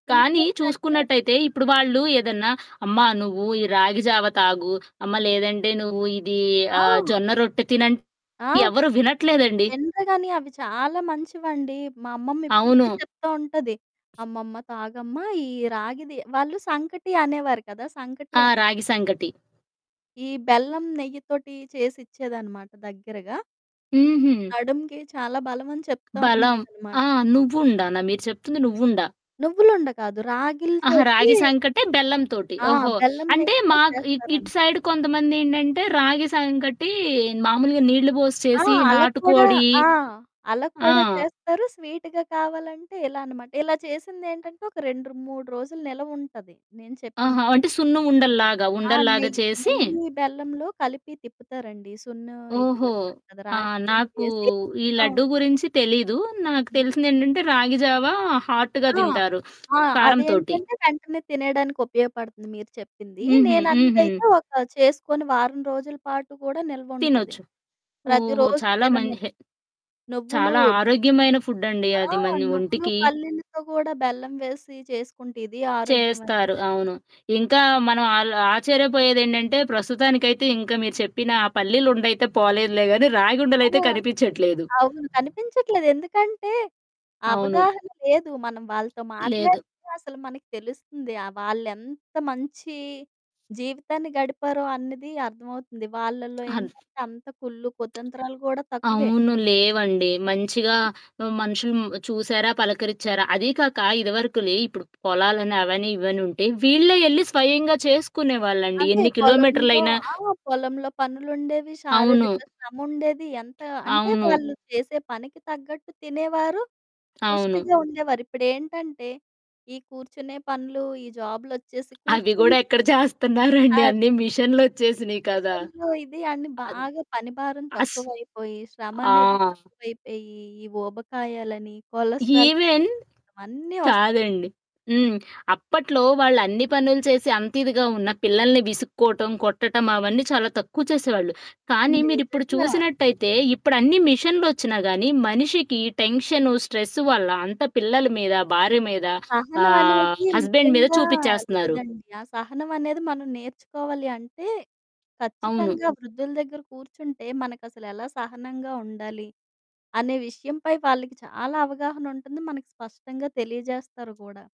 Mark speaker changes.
Speaker 1: కానీ,
Speaker 2: ఇంట్లోకంటే
Speaker 1: చూసుకున్నట్టయితే,
Speaker 2: హ్మ్.
Speaker 1: ఇప్పుడు వాళ్ళు ఏదన్నా అమ్మా! నువ్వూ ఈ రాగి జావ తాగు. అమ్మ! లేదంటే నువ్వు ఇదీ
Speaker 2: ఆ!
Speaker 1: ఆహ్, జొన్న రొట్టె తినంటే
Speaker 2: ఆ!
Speaker 1: ఎవరూ వినట్లేదండి.
Speaker 2: వినరు గానీ అవి చాలా మంచివండి. మా అమ్మమ్మ ఇప్పుడికీ
Speaker 1: అవును.
Speaker 2: చెప్తా ఉంటది. "అమ్మమ్మ తాగమ్మ ఈ రాగిది" వాళ్ళు సంకటి అనేవారు కదా! సంకటి
Speaker 1: ఆ!
Speaker 2: అని.
Speaker 1: రాగి సంకటి.
Speaker 2: ఈ బెల్లం, నెయ్యితోటి చేసిచ్చేదనమాట దగ్గరగా.
Speaker 1: హుహు.
Speaker 2: నడుముకి చాలా బలమని చెప్తా
Speaker 1: బలం.
Speaker 2: ఉండేదనమాట.
Speaker 1: ఆ! నువ్వుండానా? మీరు చెప్తుంది నువ్వుండా!
Speaker 2: నువ్వులుండ కాదు
Speaker 1: ఆహా!
Speaker 2: రాగిలితోటీ
Speaker 1: రాగి సంకటే బెల్లం తోటి.
Speaker 2: ఆ!
Speaker 1: ఓహో!
Speaker 2: బెల్లం,
Speaker 1: అంటే,
Speaker 2: నెయ్యితో
Speaker 1: మాకు ఇ ఇటు
Speaker 2: చేస్తారనమాట.
Speaker 1: సైడ్ కొంతమందేంటంటే, రాగి సంకటీ మాములుగా నీళ్ళు బోసి
Speaker 2: ఆ!
Speaker 1: చేసి,
Speaker 2: అలాగ కూడా
Speaker 1: నాటుకోడి
Speaker 2: ఆ! అలాగ
Speaker 1: ఆ!
Speaker 2: కూడా చేస్తారు. స్వీటుగా కావాలంటే ఇలా అనమాట. ఇలా చేసిందేంటంటే, ఒక రెండ్రు 3 రోజులు నిలవుంటది నేను చెప్పింది.
Speaker 1: ఆహా! అంటే, సున్ను ఉండల్లాగా.
Speaker 2: ఆ
Speaker 1: ఉండల్లాగా
Speaker 2: నెయ్
Speaker 1: చేసి
Speaker 2: నెయ్యి, బెల్లంలో కలిపి తిప్పుతారండి సున్నో ఇది
Speaker 1: ఓహో!
Speaker 2: ఉంటది కదా!
Speaker 1: ఆ!
Speaker 2: రాగి పిండి
Speaker 1: నాకూ
Speaker 2: వేసి
Speaker 1: ఈ
Speaker 2: ఆ!
Speaker 1: లడ్డూ గురించి తెలీదు. నాకు
Speaker 2: హుహు.
Speaker 1: తెలిసిందేంటంటే, రాగి జావా హాట్‌గా
Speaker 2: ఆ!
Speaker 1: దింటారు
Speaker 2: ఆ!
Speaker 1: కారంతోటి.
Speaker 2: అదేంటంటే, వెంటనే తినెయడానికి ఉపయోగపడతంది మీరు చెప్పింది.
Speaker 1: హుహు. హుహు.
Speaker 2: నేనన్నదైతే ఒక చేసుకొని వారం రోజులు పాటు కూడా నిల్వుంటది.
Speaker 1: తినొచ్చు. ఓహో!
Speaker 2: ప్రతిరోజు
Speaker 1: చాలా మన్
Speaker 2: తినము.
Speaker 1: హె
Speaker 2: నువ్వులూ
Speaker 1: చాలా
Speaker 2: ర్
Speaker 1: ఆరోగ్యమైన ఫుడ్డండి
Speaker 2: ఆ!
Speaker 1: అది మన
Speaker 2: నువ్వులు,
Speaker 1: ఒంటికి.
Speaker 2: పల్లీలతో గూడా బెల్లం వేసి చేసుకుంటే ఇది ఆరోగ్యమైనదే.
Speaker 1: చేస్తారు. అవును. ఇంకా మనం ఆల్ ఆశ్చర్యపోయేదేంటంటే, ప్రస్తుతానికైతే ఇంక మీరు చెప్పిన ఆ పల్లీలుండైతే పోలేదులే గానీ,
Speaker 2: ఆ!
Speaker 1: రాగుండలయితే కనిపిచ్చట్లేదు.
Speaker 2: అవును కనిపించట్లేదు. ఎందుకంటే,
Speaker 1: అవును.
Speaker 2: అవగాహన లేదు. మనం వాళ్ళతో
Speaker 1: లేదు.
Speaker 2: మాట్లాడితే అసలు మనకి తెలుస్తుంది. ఆ! వాళ్ళెంత మంచీ జీవితాన్ని గడిపారో అన్నది అర్థమవుతుంది. వాళ్లల్లో
Speaker 1: అన్
Speaker 2: ఏంటంటే, అంత కుళ్ళు, కుతంత్రాలు గూడా తక్కువే.
Speaker 1: అవును. లేవండి. మంచిగా ఆహ్, మనుషులు మ్ చూశారా, పలకరిచ్చారా. అదీ కాక ఇదివరకులే ఇప్పుడు పొలాలని, అవని, ఇవనుంటే వీళ్ళే యెళ్ళి స్వయంగా చేసుకునేవాళ్ళండి
Speaker 2: అదే.
Speaker 1: ఎన్ని
Speaker 2: పొలంలో
Speaker 1: కిలోమీటర్లయినా
Speaker 2: ఆ! పొలంలో పనులుండేవి,
Speaker 1: అవును.
Speaker 2: శారీరక శ్రముండేది. ఎంతా అంటే,
Speaker 1: అవును.
Speaker 2: వాళ్ళు చేసే పనికి తగ్గట్టు తినేవారు,
Speaker 1: అవును.
Speaker 2: పుష్టిగా ఉండేవారు. ఇప్పుడేంటంటే, ఈ కూర్చునే పనులూ, ఈ జాబులొచ్చేసి
Speaker 1: అవి
Speaker 2: కూర్చొని
Speaker 1: గూడా ఎక్కడ జేస్తన్నారండి? అన్ని
Speaker 2: అదే.
Speaker 1: మిషన్లొచ్చేసినియి కదా!
Speaker 2: మిషన్లు ఇది అని
Speaker 1: అద్
Speaker 2: బాగా పని భారం
Speaker 1: అస్
Speaker 2: తక్కువైపోయి,
Speaker 1: ఆ!
Speaker 2: శ్రమనేది తక్కువైపోయీ, ఈ ఊబకాయాలనీ, కొలస్ట్రార్
Speaker 1: ఈవెన్
Speaker 2: పెరిగిపోవటం, అన్నీ వస్
Speaker 1: కాదండి. హ్మ్. అప్పట్లో వాళ్ళన్ని పనులు చేసి అంతిదిగా ఉన్నా, పిల్లలని విసుక్కోటం, కొట్టటం అవన్నీ చాలా తక్కువ చేసేవాళ్ళు. కానీ మీరిప్పుడు
Speaker 2: నిజంగా.
Speaker 1: చూసినట్టయితే ఇప్పుడన్ని మిషన్లొచ్చినా గానీ మనిషికి టెన్షను, స్ట్రెస్సు వల్ల అంతా పిల్లల మీద, భార్య మీద, ఆహ్,
Speaker 2: సహనవనేది
Speaker 1: హస్బెండ్ మీద
Speaker 2: ముఖ్యంగా
Speaker 1: చూపిచ్చేస్తన్నారు.
Speaker 2: లేదండి. ఆ సహనవనేది మనం నేర్చుకోవాలి అంటే,
Speaker 1: అవును.
Speaker 2: ఖచ్చితంగా వృద్ధుల దగ్గర కూర్చుంటే మనకసలెలా సహనంగా ఉండాలి అనే విషయంపై వాళ్ళకి చాలా అవగాహనుంటంది. మనకి స్పష్టంగా తెలియజేస్తారు గూడా.